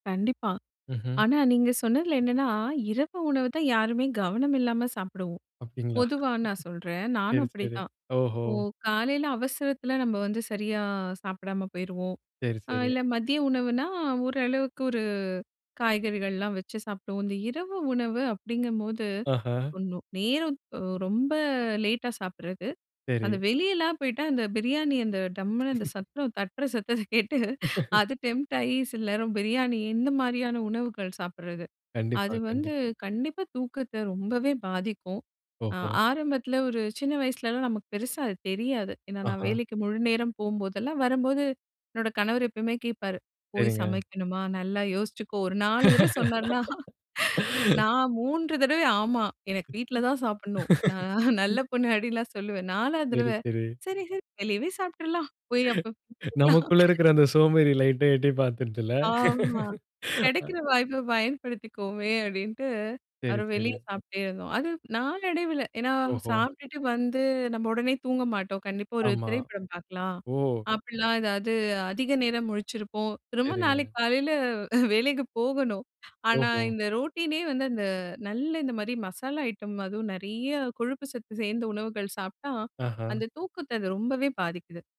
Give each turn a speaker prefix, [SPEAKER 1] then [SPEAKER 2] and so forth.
[SPEAKER 1] கண்டிப்பா.
[SPEAKER 2] ம்ஹ்ம்.
[SPEAKER 1] ஆனா, நீங்க சொன்னதில என்னான்னா, இரவு உணவு தான் யாருமே கவனம் இல்லாம சாப்பிடுவோம்.
[SPEAKER 2] அப்படீங்களா?
[SPEAKER 1] பொதுவா நான் சொல்றேன். நானும்
[SPEAKER 2] சரி சரி.
[SPEAKER 1] அப்படிதான்
[SPEAKER 2] ஓஹோ!
[SPEAKER 1] இப்போ காலையில அவசரத்தில நம்ப வந்து சரியா சாப்பிடாம போயிருவோம்.
[SPEAKER 2] சரி
[SPEAKER 1] அ
[SPEAKER 2] சரி.
[SPEAKER 1] இல்ல, மதிய உணவுன்னா, ஓரளவுக்கு ஒரு காய்கறிகள்லாம் வச்சு சாப்பிடுவோம். இந்த இரவு உணவு அப்படிங்கும்போது,
[SPEAKER 2] அஹா!
[SPEAKER 1] ஒண்ணு நேரம் ஒ ரொம்ப லேட்டா சாப்பிடறது, அந்த
[SPEAKER 2] சரி.
[SPEAKER 1] வெளியலாம் போய்ட்டா அந்த பிரியாணி அந்த டம்முனு அந்த சத்தம் தட்டுற சத்தத்த கேட்டு அது டெம்ப்ட் ஆயி, சில நேரம் பிரியாணி, இந்த மாரியான உணவுகள் சாப்பிட்றது.
[SPEAKER 2] கண்டிப்பா,
[SPEAKER 1] அது வந்து
[SPEAKER 2] கண்டிப்பா.
[SPEAKER 1] கண்டிப்பா தூக்கத்த ரொம்பவே பாதிக்கும். அ
[SPEAKER 2] ஓஹோ!
[SPEAKER 1] ஆரம்பத்தில ஒரு சின்ன வயசுலலாம் நமக்கு பெருசா அது தெரியாது. ஏன்னா, நான்
[SPEAKER 2] ஆஹா.
[SPEAKER 1] வேலைக்கு முழுநேரம் போபோதெல்லாம், வரம்போது, என்னோட கணவர் எப்பவுமே கேட்பாரு, "போய்
[SPEAKER 2] சரிங்க.
[SPEAKER 1] சமைக்கணுமா, நல்லா யோசிச்சுக்கோ!" ஒரு 4 தடவ சொன்னார்னா, நான் 3 தடவை, "ஆமா எனக்கு வீட்ல தான் சாப்பிடணும். நான் நல்ல பொண்ணு" அப்டின்ல்லாம் சொல்லுவேன். 4வது
[SPEAKER 2] சரி,
[SPEAKER 1] தரவ,
[SPEAKER 2] சரி.
[SPEAKER 1] "சரி சரி வெளியவே சாப்பிட்டுறலாம். போய் அப்ப"
[SPEAKER 2] நமக்குள்ள இருக்கிற,
[SPEAKER 1] [unintelligible]
[SPEAKER 2] அந்த சோம்பேறி லைட்டா எட்டி பாத்துடுதுல்ல?
[SPEAKER 1] ஆமா,
[SPEAKER 2] அ.
[SPEAKER 1] "கெடைக்கிற வாய்ப்ப பயன்படுத்திக்குவோமே" அப்டின்ட்டு,
[SPEAKER 2] சரி,
[SPEAKER 1] அப்பறம் வெளியே
[SPEAKER 2] சரி.
[SPEAKER 1] சாப்பிட்டே இருந்தோம். அது நாளடைவில ஏன்னா,
[SPEAKER 2] ஓஹோ!
[SPEAKER 1] சாப்ட்டுட்டு வந்து, நம்ம உடனே தூங்க மாட்டோம். கண்டிப்பா, "ஒரு
[SPEAKER 2] ஆமா.
[SPEAKER 1] திரைப்படம் பாக்கலாம்!"
[SPEAKER 2] ஓ!
[SPEAKER 1] அப்படிலாம் ஏதாவது, அதிக நேரம் முழிச்சிருப்போம். திரும்ப
[SPEAKER 2] சரிங்க.
[SPEAKER 1] நாளைக்கு காலையில அ வேலைக்கு போகணும். ஆனா,
[SPEAKER 2] ஓஹோ!
[SPEAKER 1] இந்த ரொட்டினே வந்து, அந்த நல்லா இந்த மாரி மசாலா ஐட்டம், அதுவும் நெறையா கொழுப்பு சத்து சேந்த உணவுகள் சாப்பிட்டா,
[SPEAKER 2] ஆஹா.
[SPEAKER 1] அந்த தூக்கத்த அது ரொம்பவே பாதிக்குது.